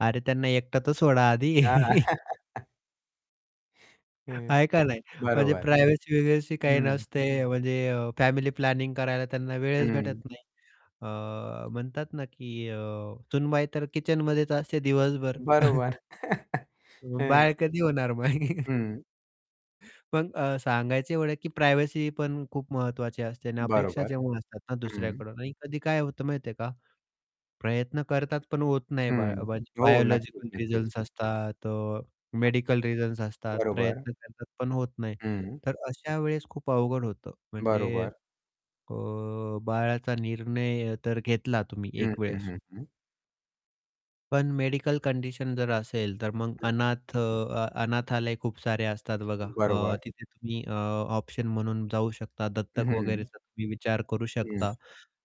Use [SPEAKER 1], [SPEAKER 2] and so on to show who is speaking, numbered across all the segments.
[SPEAKER 1] अरे, त्यांना एकट तर सोडा आधी.
[SPEAKER 2] हां. हं,
[SPEAKER 1] आहे का नाही. म्हणजे
[SPEAKER 2] बरोबर.
[SPEAKER 1] प्रायव्हसी [unintelligible] काही
[SPEAKER 2] हं.
[SPEAKER 1] नसते. म्हणजे अ, प्लॅनिंग करायला त्यांना वेळच
[SPEAKER 2] हं.
[SPEAKER 1] भेटत नाही. अ, म्हणतात ना, की अ, सुनबाई तर किचनमध्येच असते दिवसभर.
[SPEAKER 2] बरोबर.
[SPEAKER 1] अं,
[SPEAKER 2] हं.
[SPEAKER 1] बाळ कधी होणार मग?
[SPEAKER 2] हं.
[SPEAKER 1] पण अ, सांगायचं एवढं आहे, की प्रायव्हसी पण खूप महत्त्वाची असते आणि अपेक्षा
[SPEAKER 2] बरोबर.
[SPEAKER 1] जेव्हा असतात ना
[SPEAKER 2] हं.
[SPEAKER 1] दुसऱ्याकडून आणि कधी काय होतं माहिती आहे का, प्रयत्न करतात पण होत नाही बाळ.
[SPEAKER 2] हं.
[SPEAKER 1] [unintelligible]
[SPEAKER 2] हो, नक्कीच,
[SPEAKER 1] बायोलॉजिकल
[SPEAKER 2] नक्कीच.
[SPEAKER 1] रिझन्स असतात, अ, मेडिकल रिझन्स असतात.
[SPEAKER 2] बरोबर.
[SPEAKER 1] प्रयत्न करतात, पण होत नाही.
[SPEAKER 2] हं.
[SPEAKER 1] तर अशा वेळेस खूप अवघड होतं. म्हणजे
[SPEAKER 2] बरोबर.
[SPEAKER 1] अ, बाळाचा निर्णय तर घेतला तुम्ही
[SPEAKER 2] हं,
[SPEAKER 1] एक
[SPEAKER 2] हं,
[SPEAKER 1] वेळेस.
[SPEAKER 2] हं, हं.
[SPEAKER 1] पण मेडिकल कंडिशन जर असेल, तर मग
[SPEAKER 2] हं, हं.
[SPEAKER 1] अनाथ अ, अनाथालय खूप सारे असतात बघा. अ,
[SPEAKER 2] बरोबर.
[SPEAKER 1] तिथे तुम्ही अ, ऑप्शन म्हणून जाऊ शकता, दत्तक
[SPEAKER 2] हं.
[SPEAKER 1] वगैरेचा तुम्ही विचार करू
[SPEAKER 2] हं.
[SPEAKER 1] शकता.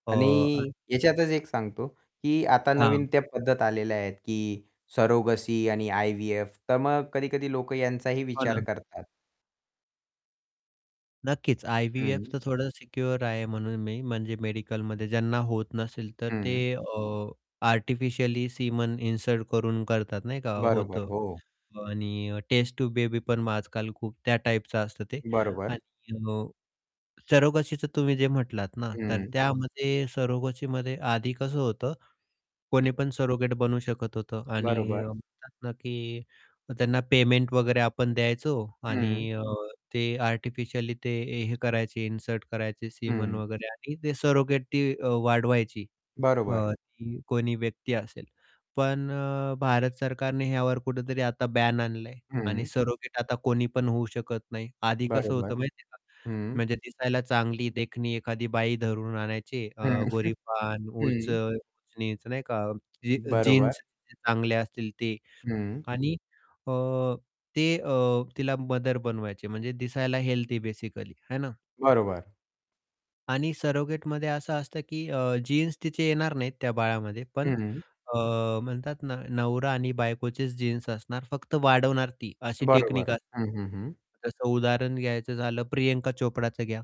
[SPEAKER 1] अ [unintelligible]
[SPEAKER 2] आणि ह्याच्यातच एक सांगतो, की आता
[SPEAKER 1] हां.
[SPEAKER 2] नवीन त्या पद्धत आलेल्या आहेत, की सरोगसी आणि आय-व्ही-एफ. तर मग कधी-कधी लोक यांचाही
[SPEAKER 1] हो
[SPEAKER 2] विचार
[SPEAKER 1] ना.
[SPEAKER 2] करतात.
[SPEAKER 1] नक्कीच. आय-व्ही-एफ
[SPEAKER 2] हं.
[SPEAKER 1] तर थोडं सिक्युअर आहे म्हणून मी. म्हणजे मेडिकलमध्ये ज्यांना होत नसेल, तर ते
[SPEAKER 2] हं.
[SPEAKER 1] अ, आर्टिफिशियली सीमन इन्सर्ट करून करतात नाही का,
[SPEAKER 2] बरोबर,
[SPEAKER 1] होतं.
[SPEAKER 2] हो.
[SPEAKER 1] आणि टेस्ट टूब बेबी पण आजकाल खूप त्या टाईपचं असतं ते.
[SPEAKER 2] बरोबर.
[SPEAKER 1] आणि हो. अ, सरोगसीचं तुम्ही जे म्हटलात ना, तर
[SPEAKER 2] हं.
[SPEAKER 1] त्यामध्ये सरोगसीमध्ये आधी कसं होतं, कोणी पण सरोगेट बनू शकत होतं आणि
[SPEAKER 2] बरोबर.
[SPEAKER 1] म्हणतात ना, की त्यांना पेमेंट वगैरे आपण द्यायचो
[SPEAKER 2] हं.
[SPEAKER 1] आणि अ, ते आर्टिफिशियली ते हे करायचे, इन्सर्ट करायचे सीमन
[SPEAKER 2] हं.
[SPEAKER 1] वगैरे आणि ते सरोगेटी अ, वाढवायची. अ,
[SPEAKER 2] बरोबर.
[SPEAKER 1] ती कोणी व्यक्ती असेल. पण अ, भारत सरकारने ह्यावर कुठेतरी आता बॅन आणलंय आणि
[SPEAKER 2] हं.
[SPEAKER 1] सरोगेट आता कोणी पण होऊ शकत नाही. आधी कसं
[SPEAKER 2] बरोबर.
[SPEAKER 1] होतं माहिती आहे का
[SPEAKER 2] हं.
[SPEAKER 1] म्हणजे दिसायला चांगली देखणी एखादी बाई धरून आणायची, अ,
[SPEAKER 2] हं,
[SPEAKER 1] गोरीपान, उच
[SPEAKER 2] हं.
[SPEAKER 1] [unintelligible] नाही का. अ, जी
[SPEAKER 2] बरोबर.
[SPEAKER 1] जीन्स चांगले असतील ते
[SPEAKER 2] हं.
[SPEAKER 1] आणि अ, ते अ, तिला मदर बनवायचे. म्हणजे दिसायला हेल्दी बेसिकली, आहे ना.
[SPEAKER 2] बरोबर.
[SPEAKER 1] आणि सरोगेटमध्ये असं असतं, की अ, जीन्स तिचे येणार नाहीत. त्या बाळामध्ये,
[SPEAKER 2] हं,
[SPEAKER 1] पण
[SPEAKER 2] हं.
[SPEAKER 1] अ, म्हणतात नवरा आणि बायकोचेच जीन्स असणार. फक्त वाढवणार ती अशी टेक्निक
[SPEAKER 2] बरोबर.
[SPEAKER 1] अ
[SPEAKER 2] हं, हं, हं.
[SPEAKER 1] जसं उदाहरण घ्यायचं झालं, प्रियंका चोप्राचं घ्या.